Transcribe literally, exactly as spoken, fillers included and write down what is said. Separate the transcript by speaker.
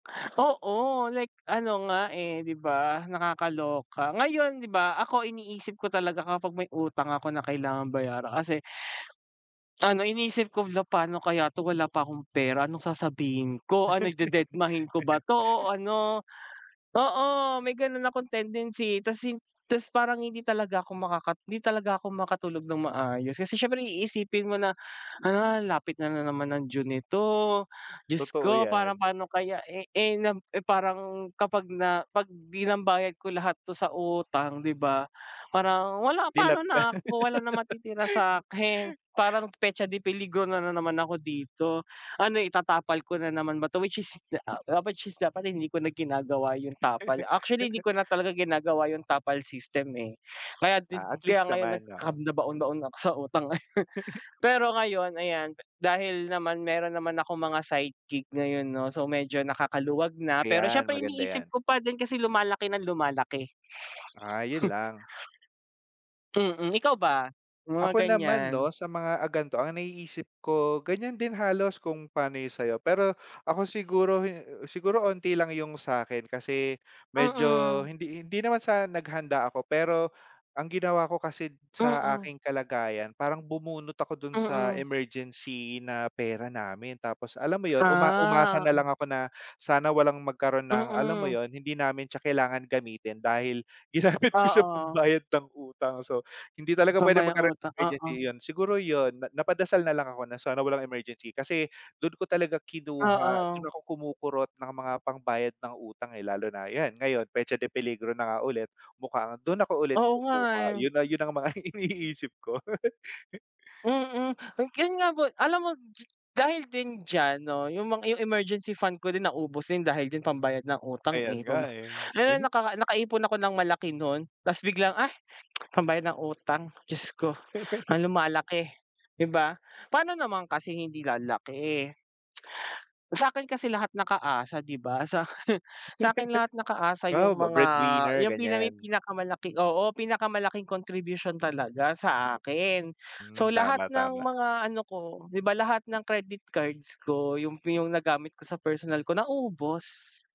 Speaker 1: Oo, like ano nga, eh, 'di ba nakakaloka. Ngayon, 'di ba ako iniisip ko talaga kapag may utang ako na kailangang bayaran kasi ano, iniisip ko, hala, pa'no kaya 'to, wala pa akong pera, anong sasabihin ko. Ano, dededmahin ko ba 'to, o ano. Oo, may gano'n akong tendency ta's hin ta's parang hindi talaga ako makaka hindi talaga ako makatulog ng maayos. Kasi siyempre iisipin mo na, ah, lapit na na naman ng Due nito, diyos
Speaker 2: Totoo
Speaker 1: ko, parang
Speaker 2: 'yan.
Speaker 1: pa'no kaya, eh, eh, na, eh, parang kapag na 'pag binambayad ko lahat 'to sa utang 'di ba, parang wala, pa'no
Speaker 2: Dilat ka.
Speaker 1: na ako, wala nang matitira sa'kin. Parang petsa de peligro na na naman ako dito. Ano, itatapal ko na naman ba 'to, which is, which is dapat hindi ko na ginagawa yung tapal. Actually, 'di ko na talaga ginagawa yung tapal system, eh. Kaya din
Speaker 2: Ah, at
Speaker 1: kaya
Speaker 2: least
Speaker 1: ngayon nag
Speaker 2: naman. Oo.
Speaker 1: nagkanda-baon-baon ako sa utang, eh. Pero ngayon, ayan, dahil naman meron naman akong mga side gig ngayon 'no, so medyo nakakaluwag na. Pero
Speaker 2: Ayan,
Speaker 1: siyempre
Speaker 2: maganda
Speaker 1: iniisip
Speaker 2: 'yan.
Speaker 1: ko pa din kasi lumalaki ng lumalaki.
Speaker 2: Ah, yun lang.
Speaker 1: Hmm, ikaw ba, mga
Speaker 2: Ako naman
Speaker 1: ganiyan.
Speaker 2: 'no, sa mga, ah, gan'to, ang naiisip ko, ganiyan din halos kung pa'no yun sa'yo. Pero ako siguro hi siguro onti lang yung sa'kin kasi medyo
Speaker 1: Mm.
Speaker 2: hindi hindi naman sa naghanda ako, pero ang ginawa ko kasi sa
Speaker 1: Mm.
Speaker 2: aking kalagayan, parang bumunot ako dun sa
Speaker 1: Mm.
Speaker 2: emergency na pera namin. Tapos alam mo 'yon, uma umasa
Speaker 1: Ah,
Speaker 2: na
Speaker 1: hmm.
Speaker 2: lang ako na sana walang magkaroon ng alam mo
Speaker 1: Mm.
Speaker 2: 'yon, hindi namin siya kailangan gamitin dahil ginamit ko siya
Speaker 1: Oo.
Speaker 2: pambayad ng utang. So, hindi talaga puwede
Speaker 1: Dumay ang
Speaker 2: magkaroon ng
Speaker 1: utang,
Speaker 2: emergency,
Speaker 1: oo.
Speaker 2: yun siguro 'yon, na napadasal na lang ako na sana walang emergency kasi dun ko talaga kinuha,
Speaker 1: Oo.
Speaker 2: dun ako kumukurot ng mga pambayad ng utang, eh. Lalo na, ayan, ngayon petsa de peligro na nga ulit, mukhang dun ako ulit
Speaker 1: Oo nga,
Speaker 2: kukuha.
Speaker 1: eh.
Speaker 2: Yun na yun ang mga iniisip ko.
Speaker 1: Mm, yung gan nga po, alam mo d dahil din diyan 'no, yung mga yung emergency fund ko din naubos din, dahil din pambayad ng utang,
Speaker 2: Ayan
Speaker 1: eh. Pam
Speaker 2: nga. eh.
Speaker 1: ngayon, naka nakaipon ako ng malaki nun ta's biglang, "Ah, pambayad ng utang, diyos ko. Ang lumalaki", 'di ba? Pa'no naman kasi hindi lalaki, eh. Sa'kin kasi lahat nakaasa, 'di ba? Sa akin, sa'kin lahat nakaasa
Speaker 2: Wow,
Speaker 1: yung
Speaker 2: ba
Speaker 1: mga
Speaker 2: breadwinner
Speaker 1: 'yang pina may
Speaker 2: ganiyan.
Speaker 1: pinakamalaki oo, pinakamalaking contribution talaga sa akin.
Speaker 2: Hmm,
Speaker 1: So, lahat
Speaker 2: tama,
Speaker 1: ng
Speaker 2: tama.
Speaker 1: mga ano ko, 'di ba lahat ng credit cards ko, yung yung nagamit ko sa personal ko, naubos.